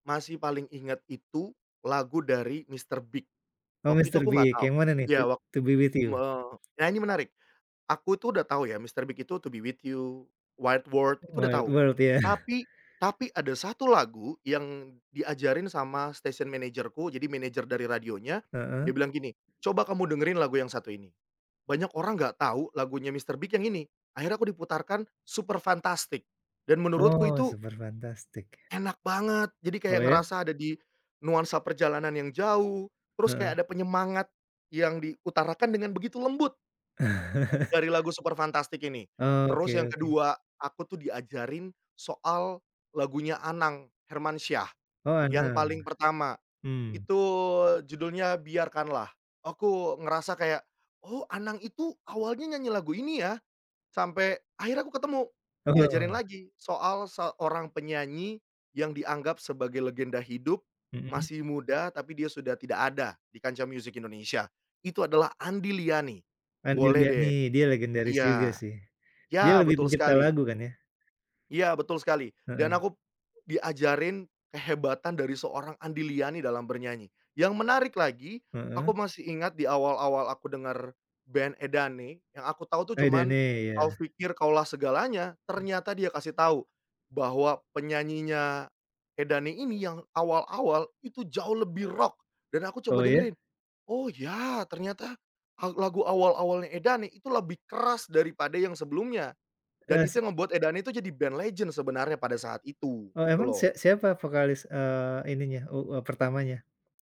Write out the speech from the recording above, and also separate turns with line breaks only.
Masih paling ingat itu lagu dari Mr. Big,
Oh,
waktu itu
Mr.
aku nggak
Big,
tahu
yang mana nih "To
ya wak
To Be with
me
You"?
nah ini menarik, aku tuh udah tahu ya Mr. Big itu "To Be with You," "White world," itu udah
"White
tahu.
World" ya?
Tapi tapi ada 1 lagu yang diajarin sama stasiun manajerku. Jadi manajer dari radionya dia
Heeh.
bilang gini, "Coba kamu dengerin lagu yang satu ini, banyak orang enggak tahu lagunya Mr. Big yang ini." Akhirnya aku diputarkan "Superfantastic" dan menurutku
Oh,
itu
"Superfuntastic" ya.
Enak banget, jadi
Oh,
kayak
ya?
ngerasa ada di nuansa perjalanan yang jauh, terus kayak
Heeh.
ada penyemangat yang diutarakan dengan begitu lembut dari lagu "Superfantastic" ini.
Oh,
Terus
oke
yang
oke.
kedua, aku tuh diajarin soal lagunya Anang Hermansyah,
Oh,
yang
Anang.
paling pertama
Mmm.
itu judulnya "Biarkanlah," aku ngerasa kayak, "Oh, Anang itu awalnya nyanyi lagu ini ya?" Sampai akhirnya aku ketemu diajarin
Heeh.
lagi soal seorang penyanyi yang dianggap sebagai legenda hidup,
Mhm.
masih muda tapi dia sudah tidak ada di kancah musik Indonesia itu adalah Andy Liany,
Andy
boleh deh
Liany dia legendaris juga
iya,
sih, dia
ya
lebih
betul
pencipta
sekali.
lagu kan ya?
Iya, betul sekali dan
Heeh.
aku diajarin kehebatan dari seorang Andy Liany dalam bernyanyi. Yang menarik lagi
Heeh.
aku masih ingat di awal-awal aku dengar band Edane yang aku tahu
Edane,
cuman "Kau
iya.
Pikir Kaulah Segalanya" ternyata dia kasih tahu, bahwa penyanyinya Edane ini yang awal-awal itu jauh lebih rock, dan aku coba
Oh, ya?
dengerin, "Oh, ya ternyata al lagu awal-awalnya Edane itu lebih keras daripada yang sebelumnya," dan
Eee, si
itu yang ngebuat Edane itu jadi band legend sebenarnya pada saat itu
Oh,
gitu
emang
loh.
sia siapa vokalis, eee, ininya u eee, pertamanya?